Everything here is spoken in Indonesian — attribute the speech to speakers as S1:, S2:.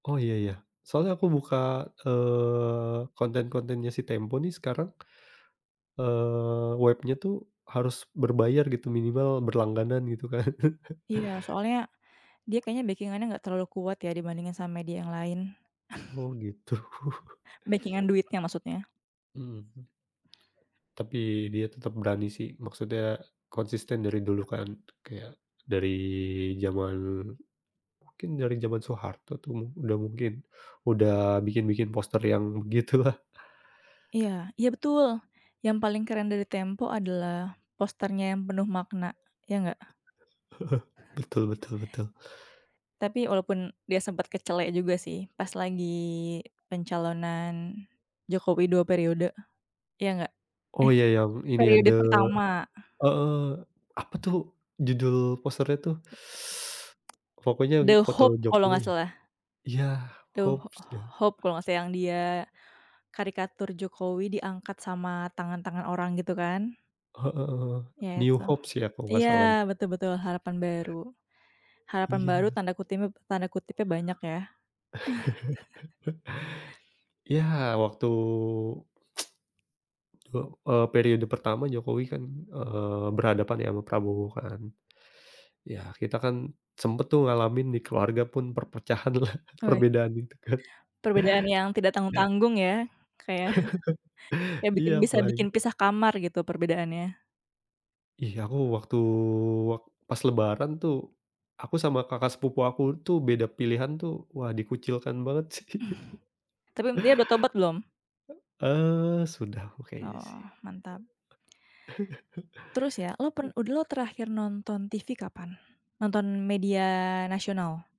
S1: Oh iya, ya. Soalnya aku buka, eee, konten-kontennya si Tempo nih sekarang, eee, webnya tuh harus berbayar gitu. Minimal berlangganan gitu kan.
S2: Iya, soalnya dia kayaknya bekingannya nggak terlalu kuat ya dibandingkan sama media yang lain.
S1: Oh gitu.
S2: Bekingan duitnya maksudnya.
S1: Mhm. Tapi dia tetap berani sih. Maksudnya konsisten dari dulu kan, kayak dari zaman mungkin dari zaman Soeharto tuh udah mungkin, udah bikin-bikin poster yang begitulah.
S2: Iya, iya betul! Yang paling keren dari Tempo adalah posternya yang penuh makna. Ya nggak?
S1: Betul betul betul.
S2: Tapi walaupun, dia sempat kecele juga sih pas lagi pencalonan Jokowi, 2 periode. Iya nggak?
S1: Oh iya yang
S2: Eh,
S1: ini ya
S2: periode
S1: The
S2: pertama.
S1: heeh. Apa tuh judul posternya tuh?
S2: [unintelligible]
S1: Pokoknya
S2: The
S1: foto
S2: Hope kalau
S1: Jokowi.
S2: nggak salah.
S1: Iya.
S2: The H
S1: Hopes ya?
S2: Hope kalau nggak salah yang dia karikatur Jokowi diangkat sama tangan-tangan orang gitu kan.
S1: Heeh.
S2: Ya
S1: New
S2: itu.
S1: Hopes ya, kalau nggak
S2: Iya
S1: salah?
S2: betul betul. Harapan baru. Harapan baru
S1: Iya.
S2: tanda kutipnya tanda kutipnya banyak ya.
S1: Ya waktu, 2, e eee, periode pertama Jokowi kan, eee, berhadapan ya, ama Prabowo kan. Ya kita kan sempet tuh ngalamin di keluarga pun perpecahanlah,
S2: Oi.
S1: perbedaan itu kan.
S2: Perbedaan yang tidak tanggung-tanggung ya. Kayak, kayak bikin
S1: Iya,
S2: bisa bikin
S1: apalagi
S2: pisah kamar gitu perbedaannya.
S1: Ih, aku waktu, wak pas lebaran tuh aku sama kakak sepupu aku tuh beda pilihan tuh, wah dikucilkan banget sih.
S2: Tapi m dia udah tobat belum?
S1: E eee, sudah aku kayaknya sih.
S2: Oh, mantap. Terus ya, lu pen
S1: I
S2: udah lu terakhir nonton TV kapan? Nonton media nasional.